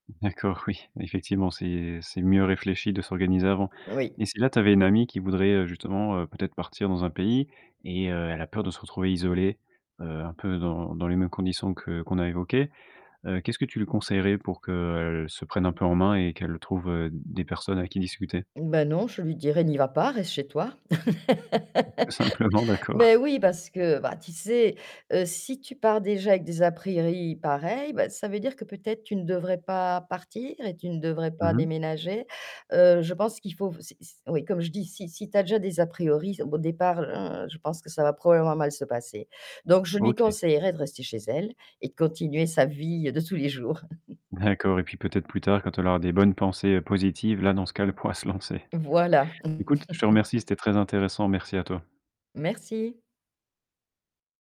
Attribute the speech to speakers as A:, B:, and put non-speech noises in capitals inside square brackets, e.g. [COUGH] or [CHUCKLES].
A: D'accord, oui. Effectivement, c'est c'est mieux réfléchi de s'organiser avant,
B: Oui.
A: mais si là, tu avais une amie qui voudrait, heu, justement, heu, peut-être partir dans un pays, et heu, elle a peur de se retrouver isolée, heu, un peu dans dans les mêmes conditions que qu'on a évoquées, heu, qu'est-ce que tu lui conseillerais pour qu'elle, se prenne un peu en main, et qu'elle trouve, heu, des personnes avec qui discuter?
B: Bah, non, je lui dirais: «N'y va pas, reste chez toi!»
A: Tout simplement,
B: [LAUGHS]
A: d'accord.
B: mais oui, parce que, bah, tu sais, heu, si tu pars déjà avec des a priori pareils, bah, ça veut dire que peut-être, tu ne devrais pas partir et tu ne devrais pas
A: Mmh mh.
B: déménager. Heu, je pense qu'il faut f c'est s oui comme je dis, si si tu as déjà des a priori au b au départ, je pense que ça va probablement mal se passer, donc je lui
A: OK.
B: conseillerais de rester chez elle, et de continuer sa vie de tous les jours [CHUCKLES]
A: D'accord, et puis, peut-être plus tard, quand elle aura des bonnes pensées positives. Là, dans ce cas, elle pourra se lancer.
B: Voilà
A: Écoute, je te remercie,
B: [LAUGHS]
A: c'était très intéressant, merci à toi.
B: Merci.